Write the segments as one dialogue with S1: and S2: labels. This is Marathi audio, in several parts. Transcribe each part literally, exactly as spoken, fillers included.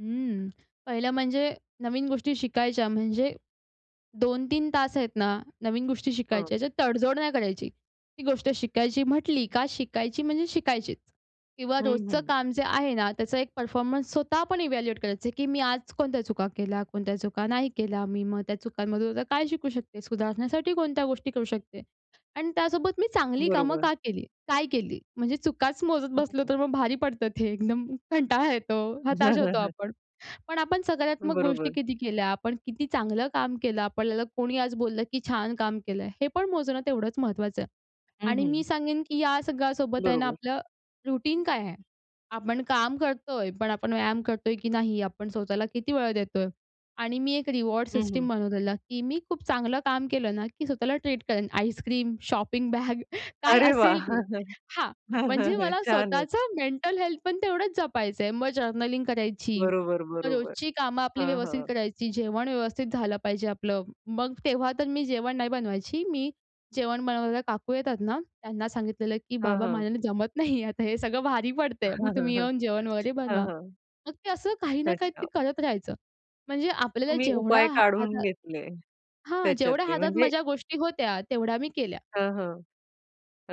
S1: हं. पहिलं म्हणजे, नवीन गोष्टी शिकायच्या म्हणजे, दोन तीन तास आहेत ना, नवीन गोष्टी
S2: हां.
S1: शिकायच्या ह्याच्यात तडजोड नाही करायची. ती गोष्ट शिकायची म्हटली का शिकायची म्हणजे शिकायचीच. किंवा
S2: हं,
S1: रोजचं
S2: हं.
S1: काम जे आहे ना त्याचा एक परफॉर्मन्स स्वतः पण इव्हॅल्युएट करायचं, की मी आज कोणत्या चुका केल्या, कोणत्या चुका नाही केल्या. मी मग त्या चुकांमधून काय शिकू शकते? सुधारण्यासाठी कोणत्या गोष्टी करू शकते? आणि त्यासोबत मी चांगली कामं
S2: बरोबर.
S1: का केली? काय केली? म्हणजे चुकाच मोजत
S2: हं,
S1: बसलो
S2: हं.
S1: तर मग भारी पडतं ते एकदम कंटाळा येतो,
S2: हं,
S1: हताश
S2: हं,
S1: होतो
S2: हं.
S1: आपण. पण आपण सकारात्मक गोष्टी
S2: बरोबर.
S1: किती केल्या, आपण किती चांगलं काम केलं आपल्याला कोणी आज बोललं, की छान काम केलंय, हे पण मोजणं तेवढंच महत्वाचं आहे.
S2: हं,
S1: आणि मी
S2: हं.
S1: सांगेन, की या सगळ्यासोबत आहे ना
S2: बरोबर.
S1: आपलं, रूटीन काय आहे? आपण काम करतोय पण आपण व्यायाम करतोय की नाही? आपण स्वतःला किती वेळ देतोय? आणि मी एक रिवॉर्ड
S2: हं, हं,
S1: सिस्टम
S2: हं.
S1: बनवलेला, की मी खूप चांगलं काम केलं ना, की स्वतःला ट्रीट करेन: आईसक्रीम, शॉपिंग बॅग काय
S2: अरे
S1: असेल
S2: वाह!
S1: ते, हां. म्हणजे मला
S2: छानच!
S1: स्वतःचं मेंटल हेल्थ पण तेवढंच जपायचंय. मग जर्नलिंग करायची.
S2: बरोबर,
S1: मग
S2: बरोबर.
S1: रोजची कामं आपली
S2: हां,
S1: व्यवस्थित
S2: हां.
S1: करायची, जेवण व्यवस्थित झालं पाहिजे आपलं. मग तेव्हा तर मी जेवण नाही बनवायची, मी जेवण बनवायला काकू येतात ना त्यांना सांगितलेलं, की
S2: हां,
S1: "बाबा
S2: हां.
S1: माझ्याने जमत नाही. आता हे सगळं भारी पडत आहे,
S2: हं,
S1: मग
S2: हं,
S1: तुम्ही
S2: हं.
S1: येऊन जेवण वगैरे
S2: हं,
S1: बनवा."
S2: हं.
S1: मग ते असं काही ना काही तरी
S2: अच्छा.
S1: करत राहायचं. म्हणजे आपल्याला
S2: तुम्ही
S1: जेवढा
S2: उपाय
S1: हा
S2: काढून
S1: हाता
S2: घेतले
S1: हां, जेवढ्या
S2: त्याच्यातले
S1: हातात
S2: म्हणजे
S1: माझ्या गोष्टी होत्या, तेवढ्या मी केल्या.
S2: हं, हं.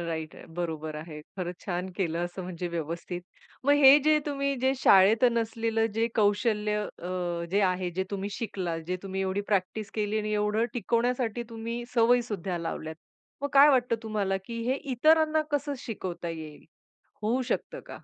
S2: राइट आहे बरोबर आहे. खरंच छान केलं असं म्हणजे व्यवस्थित. मग हे जे तुम्ही जे शाळेत नसलेलं जे कौशल्य अ, जे आहे जे तुम्ही शिकलात, जे तुम्ही एवढी प्रॅक्टिस केली आणि एवढं टिकवण्यासाठी तुम्ही सवयी सुद्धा लावल्यात. मग काय वाटतं तुम्हाला, की हे इतरांना कसं शिकवता येईल? होऊ शकतं का?